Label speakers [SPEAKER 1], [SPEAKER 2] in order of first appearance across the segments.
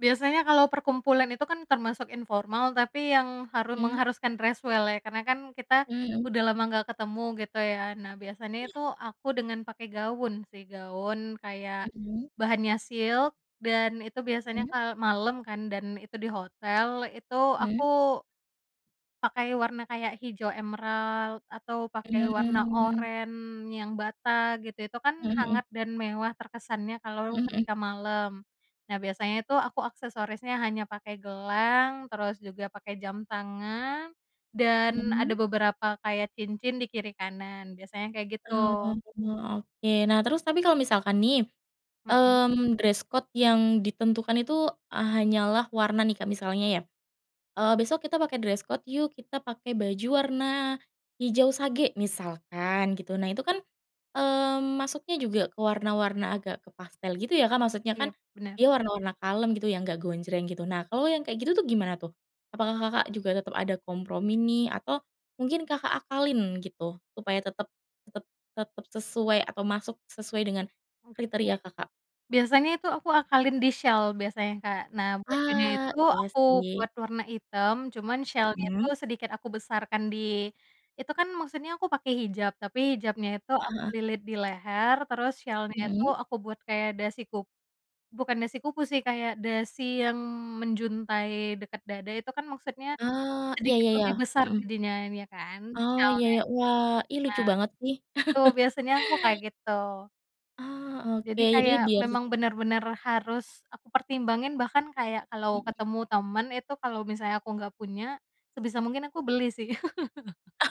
[SPEAKER 1] Biasanya kalau perkumpulan itu kan termasuk informal tapi yang haru
[SPEAKER 2] Mmm.
[SPEAKER 1] mengharuskan dress well ya karena kan kita,
[SPEAKER 2] Mhm.
[SPEAKER 1] udah lama gak ketemu gitu ya. Nah, biasanya
[SPEAKER 2] Iya.
[SPEAKER 1] itu aku dengan pakai gaun sih gaun kayak,
[SPEAKER 2] Mhm.
[SPEAKER 1] bahannya silk dan itu
[SPEAKER 2] Mhm.
[SPEAKER 1] biasanya kalau malam kan dan itu di hotel itu
[SPEAKER 2] Mmm.
[SPEAKER 1] aku Pakai warna kayak hijau emerald atau pakai warna
[SPEAKER 2] Mmm.
[SPEAKER 1] oranye yang bata gitu itu kan
[SPEAKER 2] Mmm, mhm.
[SPEAKER 1] hangat dan mewah terkesannya
[SPEAKER 2] Mhm
[SPEAKER 1] kalau
[SPEAKER 2] mhm.
[SPEAKER 1] ketika malam. Nah, biasanya tuh aku aksesorisnya hanya pakai gelang terus juga pakai jam tangan, dan ada
[SPEAKER 2] Mmm.
[SPEAKER 1] beberapa kayak cincin di kiri kanan biasanya kayak
[SPEAKER 2] Oh,
[SPEAKER 1] gitu.
[SPEAKER 2] oke, nah, terus tapi kalau misalkan nih,
[SPEAKER 1] Mhm.
[SPEAKER 2] mmm, dress code yang ditentukan itu hanyalah warna nih Kak misalnya ya, eee, besok kita pakai dress code yuk kita pakai baju warna, hijau sage misalkan gitu. Nah itu kan, mmm, masuknya juga ke warna-warna agak ke pastel gitu ya Kak maksudnya kan,
[SPEAKER 1] Iya, benar.
[SPEAKER 2] dia warna-warna kalem gitu yang gak gonjreng gitu nah kalau yang kayak gitu tuh gimana tuh? Apakah Kakak juga tetap ada kompromi nih? Atau, mungkin Kakak akalin gitu supaya tetap tetap tetap sesuai atau masuk sesuai dengan,
[SPEAKER 1] Oke,
[SPEAKER 2] kriteria Kakak?
[SPEAKER 1] biasanya itu aku akalin di syal biasanya Kak. Nah, bajunya
[SPEAKER 2] Ah,
[SPEAKER 1] itu
[SPEAKER 2] iya
[SPEAKER 1] aku
[SPEAKER 2] sih.
[SPEAKER 1] buat warna hitam cuman syalnya
[SPEAKER 2] Mmm.
[SPEAKER 1] tuh sedikit aku besarkan di itu kan maksudnya aku pakai hijab tapi hijabnya itu
[SPEAKER 2] Heeh
[SPEAKER 1] aku
[SPEAKER 2] heeh.
[SPEAKER 1] lilit di leher terus syalnya tuh
[SPEAKER 2] Mhm.
[SPEAKER 1] aku buat kayak dasi ku bukan dasi kupu sih kayak dasi yang menjuntai dekat dada itu kan maksudnya,
[SPEAKER 2] Oh, iya
[SPEAKER 1] sedikit
[SPEAKER 2] iya iya,
[SPEAKER 1] lebih besar
[SPEAKER 2] mhm.
[SPEAKER 1] jadinya ya kan
[SPEAKER 2] Oh, iya,
[SPEAKER 1] syalnya. Nah,
[SPEAKER 2] ya, wah, ih, lucu banget sih.
[SPEAKER 1] itu biasanya aku kayak gitu.
[SPEAKER 2] Oh, oke,
[SPEAKER 1] Jadi
[SPEAKER 2] jadi
[SPEAKER 1] kayak
[SPEAKER 2] biar
[SPEAKER 1] memang bener-bener harus aku pertimbangin bahkan kayak kalau
[SPEAKER 2] Mhm.
[SPEAKER 1] ketemu temen itu kalau misalnya aku gak punya, sebisa mungkin aku beli sih.
[SPEAKER 2] Oh.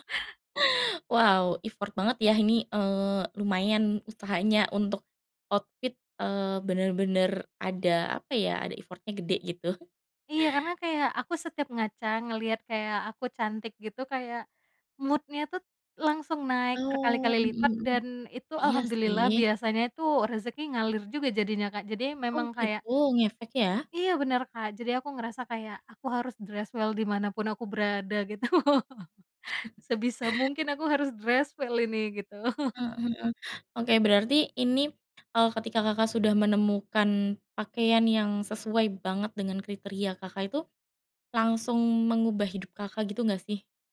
[SPEAKER 2] Wow, effort banget ya ini, eee, lumayan usahanya untuk, outfit, eee, bener-bener ada apa ya? Ada effort-nya gede gitu.
[SPEAKER 1] Iya, karena kayak aku setiap ngaca ngelihat kayak aku cantik gitu kayak, mood-nya tuh, langsung naik
[SPEAKER 2] Oh,
[SPEAKER 1] berkali-kali
[SPEAKER 2] mhm
[SPEAKER 1] lipat
[SPEAKER 2] mhm,
[SPEAKER 1] dan itu
[SPEAKER 2] iya
[SPEAKER 1] alhamdulillah
[SPEAKER 2] sih.
[SPEAKER 1] biasanya itu rezeki ngalir juga jadinya Kak jadi
[SPEAKER 2] Oh,
[SPEAKER 1] memang kayak
[SPEAKER 2] gitu, ngefek ya.
[SPEAKER 1] iya, benar Kak jadi aku ngerasa kayak aku harus dress well di mana pun aku berada gitu. Sebisa mungkin aku harus dress well ini gitu.
[SPEAKER 2] Mmm, mhm, oke, berarti ini, eee, ketika Kakak sudah menemukan pakaian yang sesuai banget dengan kriteria Kakak itu, langsung mengubah hidup Kakak gitu enggak sih?